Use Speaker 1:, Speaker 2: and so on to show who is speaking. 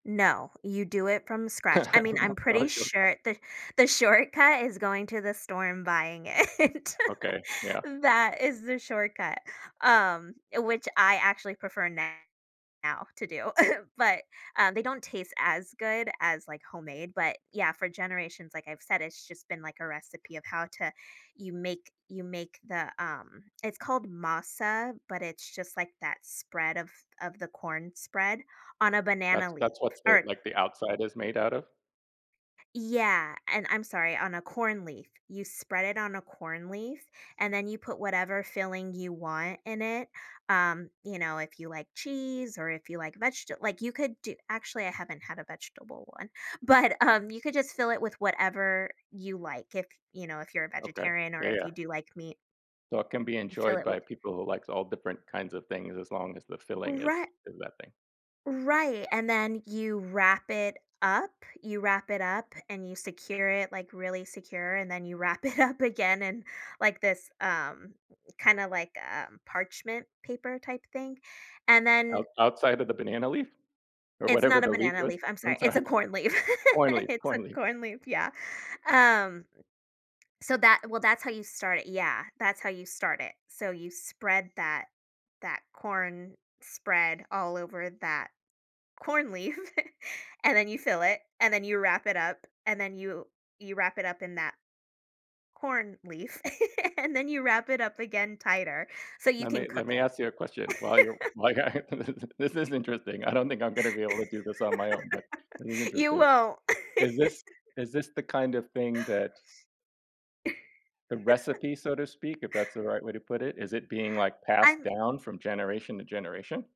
Speaker 1: No. You do it from scratch. I mean, I'm pretty
Speaker 2: [unintelligible]
Speaker 1: sure that the shortcut is going to the store and buying it.
Speaker 2: Okay, yeah.
Speaker 1: That is the shortcut, um, uh, which I actually prefer now to do. But, uh, they don't taste as good as, like, homemade. But yeah, for generations, like I've said, it's just been, like, a recipe of how to you make you make the, um it's called masa, but it's just, like, that spread of of the corn spread on a banana
Speaker 2: That's
Speaker 1: leaf
Speaker 2: that's what's they
Speaker 1: or
Speaker 2: like, the outside is made out of?
Speaker 1: Yeah, and I'm sorry, on a corn leaf. You spread it on a corn leaf and then you put whatever filling you want in it. Um, you know, if you like cheese, or if you like vegeta like, you could do actually, I haven't had a vegetable one. But, um, you could just fill it with whatever you like. If you know, if you're a
Speaker 2: Okay.
Speaker 1: vegetarian or
Speaker 2: Yeah,
Speaker 1: if
Speaker 2: yeah.
Speaker 1: you do like meat
Speaker 2: So it can be
Speaker 1: you fill
Speaker 2: enjoyed
Speaker 1: it
Speaker 2: by
Speaker 1: with
Speaker 2: people who likes all different kinds of things as long as the filling is
Speaker 1: Righ
Speaker 2: in that thing.
Speaker 1: right, and then you wrap it up you wrap it up and you secure it, like, really secure and then you wrap it up again in, like, this, um, kinda, like, um, parchment paper type thing. And
Speaker 2: Out
Speaker 1: then
Speaker 2: outside of the banana leaf? Or
Speaker 1: It's
Speaker 2: whatever
Speaker 1: not a
Speaker 2: the leaf
Speaker 1: banana
Speaker 2: was.
Speaker 1: leaf, I'm
Speaker 2: I'm
Speaker 1: sorry. It's
Speaker 2: sorry.
Speaker 1: a corn leaf.
Speaker 2: Corn leaf
Speaker 1: It's a
Speaker 2: corn leaf.
Speaker 1: corn leaf, yeah. Um, so that well, that's how you start yeah, that's how you start it. So you spread that that corn spread all over that corn leaf, and then you fill it, and then you wrap it up, and then you you wrap it up in that corn leaf and then you wrap it up again tighter so you can
Speaker 2: Lemme let
Speaker 1: cook
Speaker 2: me
Speaker 1: it.
Speaker 2: ask you a question, while you're whi [unintelligible] this is interesting. I don't think I'm gonna be able to do this on my own, but it is
Speaker 1: You
Speaker 2: interesting.
Speaker 1: won't.
Speaker 2: Is this is this the kind of thing that the recipe, so to speak, if that's the right way to put it? Is it being, like, passed
Speaker 1: I'm
Speaker 2: down from generation to generation?